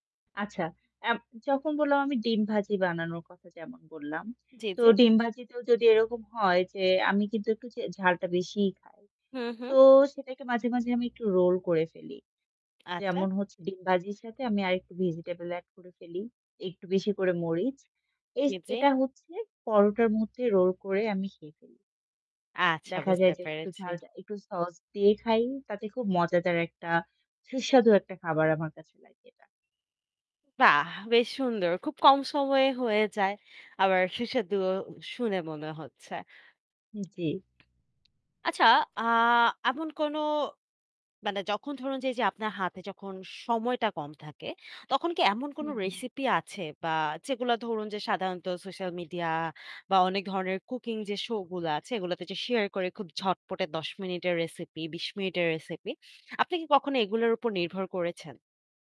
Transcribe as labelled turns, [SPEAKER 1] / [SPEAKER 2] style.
[SPEAKER 1] আচ্ছা এব যখন বললাম আমি ডিম ভাজি বানানোর কথা যেমন বললাম।
[SPEAKER 2] জি,
[SPEAKER 1] তো
[SPEAKER 2] জি।
[SPEAKER 1] ডিম ভাজিতেও যদি এরকম হয় যে আমি কিন্তু একটু যে ঝালটা বেশিই খাই।
[SPEAKER 2] হু, হুম।
[SPEAKER 1] তো সেটাকে মাঝে, মাঝে আমি একটু রোল করে ফেলি।
[SPEAKER 2] আচ্ছা।
[SPEAKER 1] যেমন হচ্ছে ডিম ভাজির সাথে আমি আরেকটু ভেজিটেবল এড করে ফেলি, একটু বেশি করে মরিচ। এস
[SPEAKER 2] জি, জি।
[SPEAKER 1] এটা হচ্ছে পরোটার মধ্যে রোল করে আমি খেয়ে ফেলি।
[SPEAKER 2] আচ্ছা
[SPEAKER 1] দেখা
[SPEAKER 2] বুঝতে
[SPEAKER 1] যায় যে একটু
[SPEAKER 2] পেরেছি।
[SPEAKER 1] ঝাল যা একটু sauce দিয়ে খাই, তাতে খুব মজাদার একটা সুস্বাদু একটা খাবার আমার কাছে লাগে এটা।
[SPEAKER 2] বাহ! বেশ সুন্দর। খুব কম সময়ে হয়ে যায়। আবার সুস্বাদুও উ শুনে মনে হচ্ছে।
[SPEAKER 1] উম জি।
[SPEAKER 2] আচ্ছা আ এমন কোন মানে যখন ধরুন যে, এইযে আপনার হাতে যখন সময়টা কম থাকে, তখন কি এমন
[SPEAKER 1] হু,
[SPEAKER 2] কোন
[SPEAKER 1] হুম।
[SPEAKER 2] রেসিপি আছে বা যেগুলা ধরুন যে সাধারণত সোশ্যাল মিডিয়া বা অনেক ধরনের কুকিং যে show গুলা আছে এগুলাতে যে শেয়ার করে খুব ঝটপটে ১০ মিনিটের রেসিপি, ২০ মিনিটের রেসিপি আপনি কি কখনো এগুলোর উপর নির্ভর করেছেন?